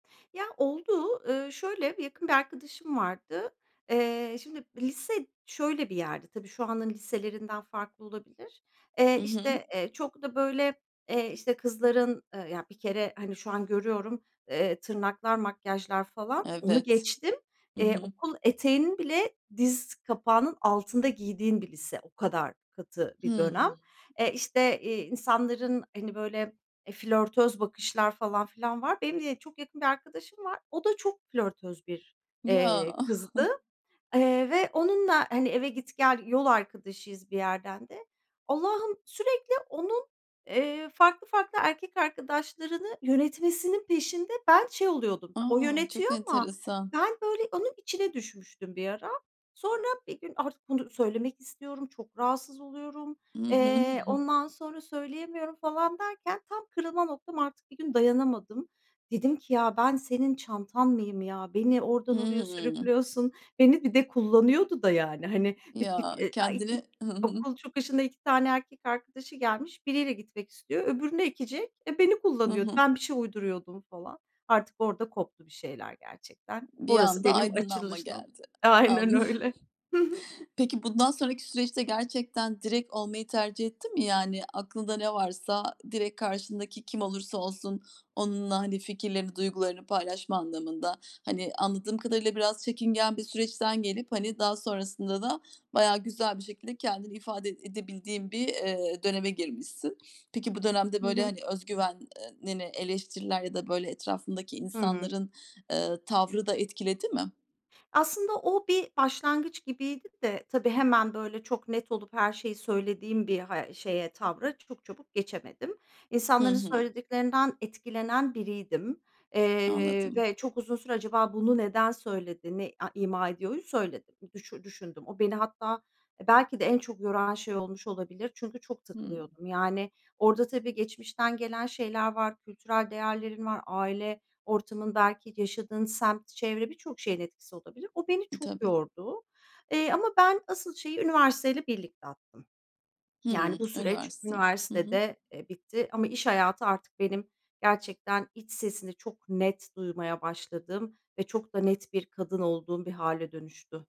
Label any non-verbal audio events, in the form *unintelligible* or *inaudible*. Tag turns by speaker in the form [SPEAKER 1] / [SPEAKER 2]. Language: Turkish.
[SPEAKER 1] Ya, oldu. Iıı, şöyle, yakın bir arkadaşım vardı. Eee, şimdi, lise şöyle bir yerdi. Tabii şu anın liselerinden farklı olabilir.
[SPEAKER 2] Hı
[SPEAKER 1] Eee,
[SPEAKER 2] hı.
[SPEAKER 1] işte, eee, çok da böyle, eee, işte, kızların, ııı, ya bir kere, hani, şu an görüyorum, eee, tırnaklar, makyajlar falan, onu
[SPEAKER 2] Evet.
[SPEAKER 1] geçtim;
[SPEAKER 2] Hı
[SPEAKER 1] eee,
[SPEAKER 2] hı.
[SPEAKER 1] okul eteğinin bile diz kapağının altında giydiğin bir lise. O kadar katı bir
[SPEAKER 2] Hıı.
[SPEAKER 1] dönem. Eee, işte, iii, insanların, hani, böyle, eee, flörtöz bakışlar falan filan var. Benim de çok yakın bir arkadaşım var. O da çok flörtöz bir,
[SPEAKER 2] Ya.
[SPEAKER 1] eee, kızdı.
[SPEAKER 2] *giggles*
[SPEAKER 1] Eee, ve onunla, hani, eve git gel yol arkadaşıyız bir yerden de. Allah'ım, sürekli onun, eee, farklı farklı erkek arkadaşlarını yönetmesinin peşinde ben şey oluyordum. O
[SPEAKER 2] A,
[SPEAKER 1] yönetiyor
[SPEAKER 2] çok
[SPEAKER 1] ama
[SPEAKER 2] enteresan.
[SPEAKER 1] ben, böyle, onun içine düşmüştüm bir ara. Sonra bir gün artık bunu söylemek istiyorum, çok rahatsız oluyorum,
[SPEAKER 2] Hı hı.
[SPEAKER 1] eee,
[SPEAKER 2] *giggles*
[SPEAKER 1] ondan sonra söyleyemiyorum falan derken, tam kırılma noktam artık. Bir gün dayanamadım. Dedim ki: "Ya ben senin çantan mıyım ya? Beni oradan oraya
[SPEAKER 2] Hıı.
[SPEAKER 1] sürüklüyorsun." Beni bir de kullanıyordu da yani. Hani bit bit
[SPEAKER 2] Ya
[SPEAKER 1] *unintelligible*
[SPEAKER 2] kendini Hı hı.
[SPEAKER 1] okul çıkışına 2 tane erkek arkadaşı gelmiş. Biriyle gitmek istiyor, öbürünü ekecek. Eee, beni
[SPEAKER 2] Hı
[SPEAKER 1] kullanıyordu.
[SPEAKER 2] hı.
[SPEAKER 1] Ben bir şey uyduruyordum falan. Artık orada koptu bir şeyler gerçekten.
[SPEAKER 2] Bir
[SPEAKER 1] Orası
[SPEAKER 2] anda
[SPEAKER 1] benim
[SPEAKER 2] aydınlanma
[SPEAKER 1] *unintelligible*
[SPEAKER 2] geldi.
[SPEAKER 1] Aynen
[SPEAKER 2] Anladım.
[SPEAKER 1] öyle. Hı hı.
[SPEAKER 2] Peki bundan sonraki süreçte gerçekten direkt olmayı tercih ettin mi? Yani, aklında ne varsa direkt karşındaki kim olursa olsun onunla, hani, fikirlerini, duygularını paylaşma anlamında. Hani, anladığım kadarıyla biraz çekingen bir süreçten gelip, hani, daha sonrasında da bayağı güzel bir şekilde kendini ifade ed edebildiğin bir, iii, döneme girmişsin. Peki bu dönemde,
[SPEAKER 1] Hı
[SPEAKER 2] böyle,
[SPEAKER 1] hı.
[SPEAKER 2] hani, özgüven eee, nini eleştiriler ya da, böyle, etrafındaki
[SPEAKER 1] Hı hı.
[SPEAKER 2] insanların, ııı, tavrı da etkiledi mi?
[SPEAKER 1] Aslında o bir başlangıç gibiydi de, tabii hemen, böyle, çok net olup her şeyi söylediğim bir ha şeye, tavra çok çabuk geçemedim.
[SPEAKER 2] Hı
[SPEAKER 1] İnsanların
[SPEAKER 2] hı.
[SPEAKER 1] söylediklerinden etkilenen biriydim. Eee,
[SPEAKER 2] Anladım.
[SPEAKER 1] ve çok uzun süre "Acaba bunu neden söyledi, ne a ima ediyoru?" söyledim düşü düşündüm. O beni hatta belki de en çok yoran şey olmuş olabilir. Çünkü çok
[SPEAKER 2] Hıı.
[SPEAKER 1] takılıyordum. Yani, orada tabii geçmişten gelen şeyler var, kültürel değerlerin var, aile ortamın, belki, yaşadığın semt, çevre... Birçok şeyin etkisi olabilir. O beni
[SPEAKER 2] E,
[SPEAKER 1] çok
[SPEAKER 2] tabii.
[SPEAKER 1] yordu, eee, ama ben asıl şeyi üniversiteyle birlikte attım. Yani,
[SPEAKER 2] Hıı.
[SPEAKER 1] bu süreç
[SPEAKER 2] Üniversite. Hı hı.
[SPEAKER 1] üniversitede, eee, bitti ama iş hayatı artık benim gerçekten iç sesimi çok net duymaya başladığım ve çok da net bir kadın olduğum bir hâle dönüştü.